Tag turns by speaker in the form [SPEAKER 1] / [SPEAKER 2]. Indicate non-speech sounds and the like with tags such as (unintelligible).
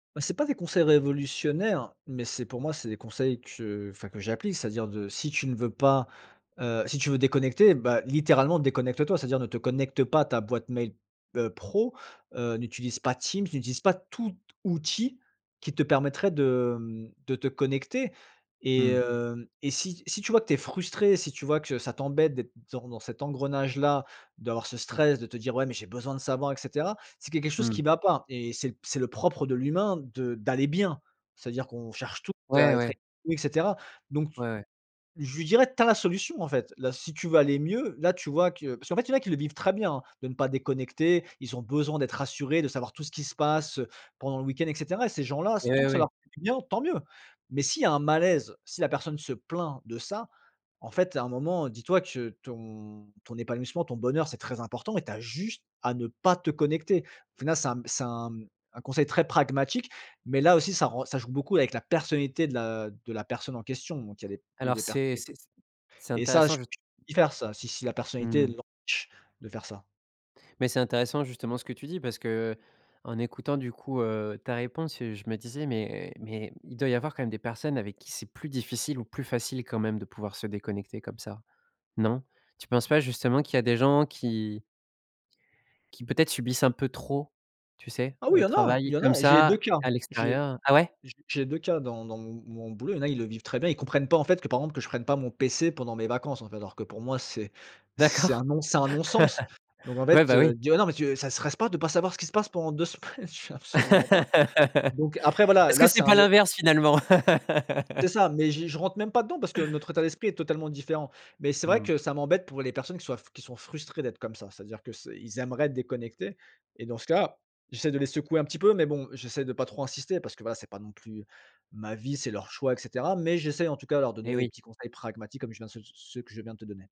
[SPEAKER 1] Heu, c'est pas des conseils révolutionnaires, mais c'est pour moi c'est des conseils que, enfin que j'applique. C'est-à-dire de si tu ne veux pas heu, si tu veux déconnecter bah, littéralement déconnecte-toi. C'est-à-dire ne te connecte pas à ta boîte mail, heu, pro, heu, n'utilise pas Teams, n'utilise pas tout outil qui te permettrait de mmh, de te connecter et
[SPEAKER 2] Mmh.
[SPEAKER 1] heu, et si si tu vois que tu es frustré, si tu vois que ça t'embête d'être dans dans cet engrenage là, d'avoir ce stress, de te dire: «Ouais mais j'ai besoin de savoir et cetera», c'est qu'il y a quelque chose
[SPEAKER 2] Mmh.
[SPEAKER 1] qui va pas et c'est le c'est le propre de l'humain de d'aller bien. C'est à dire qu'on cherche tous à
[SPEAKER 2] Ouais
[SPEAKER 1] être
[SPEAKER 2] ouais.
[SPEAKER 1] (unintelligible) et cetera. Donc t
[SPEAKER 2] Ouais ouais.
[SPEAKER 1] je lui dirais: «Tu as la solution en fait. Là si tu veux aller mieux, là tu vois que» parce qu'en fait il y en a qui le vivent très bien, hein, de ne pas déconnecter. Ils ont besoin d'être rassurés, de savoir tout ce qui se passe, heu, pendant le week-end et cetera et ces gens là s tant
[SPEAKER 2] Eh
[SPEAKER 1] que ça
[SPEAKER 2] oui.
[SPEAKER 1] leur fait du bien, tant mieux! Mais s'il y a un malaise, si la personne se plaint de ça, en fait à un moment, dis toi que ton ton épanouissement, ton bonheur, c'est très important et tu as juste à ne pas te connecter. Au final ça mmh, c'est un mmh, un conseil très pragmatique, mais là aussi ça re ça joue beaucoup avec la personnalité de la de la personne en question, donc il y a des p, il y a
[SPEAKER 2] Alors
[SPEAKER 1] des per
[SPEAKER 2] c'est c'est
[SPEAKER 1] (unintelligible)
[SPEAKER 2] c'est
[SPEAKER 1] et ça je
[SPEAKER 2] intéressant je
[SPEAKER 1] (unintelligible) y faire ça, si si la personnalité
[SPEAKER 2] Mmh.
[SPEAKER 1] l'empêche de faire ça.
[SPEAKER 2] Mais c'est intéressant justement ce que tu dis parce que, heu, en écoutant du coup, heu, ta réponse, heu, je me disais: «Mais mais il doit y avoir quand même des personnes avec qui c'est plus difficile ou plus facile, quand même, de pouvoir se déconnecter comme ça». Non? Tu penses pas justement qu'il y a des gens qui qui peut-être subissent un peu trop, tu sais,
[SPEAKER 1] Ah oui, il y
[SPEAKER 2] le
[SPEAKER 1] en a il
[SPEAKER 2] travail
[SPEAKER 1] y en
[SPEAKER 2] comme
[SPEAKER 1] a et j'ai les
[SPEAKER 2] ça
[SPEAKER 1] 2 cas.
[SPEAKER 2] à
[SPEAKER 1] J'ai
[SPEAKER 2] l'extérieur? Ah ouais?
[SPEAKER 1] j'ai j'ai 2 cas. Dans dans m mon boulot, il y en a ils le vivent très bien, ils comprennent pas en fait que, par exemple que je prenne pas mon pc pendant mes vacances en fait. Alors que pour moi c'est c'est
[SPEAKER 2] D'accord.
[SPEAKER 1] un
[SPEAKER 2] (laughs)
[SPEAKER 1] non c'est un non sens! Donc en
[SPEAKER 2] Ouais,
[SPEAKER 1] fait,
[SPEAKER 2] bah
[SPEAKER 1] heu,
[SPEAKER 2] oui.
[SPEAKER 1] dire: «Non mais tu, ça te stresse pas de pas savoir ce qui se passe pendant 2 semaines?» je fais:
[SPEAKER 2] (laughs)
[SPEAKER 1] «Absolument pas».
[SPEAKER 2] Est-ce
[SPEAKER 1] Donc après voilà,
[SPEAKER 2] que
[SPEAKER 1] là c'est
[SPEAKER 2] c'est
[SPEAKER 1] un
[SPEAKER 2] pas
[SPEAKER 1] é
[SPEAKER 2] l'inverse finalement?
[SPEAKER 1] C'est
[SPEAKER 2] (laughs)
[SPEAKER 1] ça, mais je je rentre même pas dedans parce que notre état d'esprit est totalement différent mais c'est vrai
[SPEAKER 2] Mmh.
[SPEAKER 1] que ça m'embête pour les personnes qui soient f qui sont frustrées d'être comme ça. C'est à dire que c'est ils aimeraient déconnecter et dans ce cas, j'essaie de les secouer un petit peu mais bon j'essaie de pas trop insister. Parce que voilà, c'est pas non plus ma vie, c'est leur choix et cetera, mais j'essaie en tout cas leur donner
[SPEAKER 2] Eh
[SPEAKER 1] des
[SPEAKER 2] oui.
[SPEAKER 1] petits conseils pragmatiques comme je viens de ceux ceux que je viens de te donner.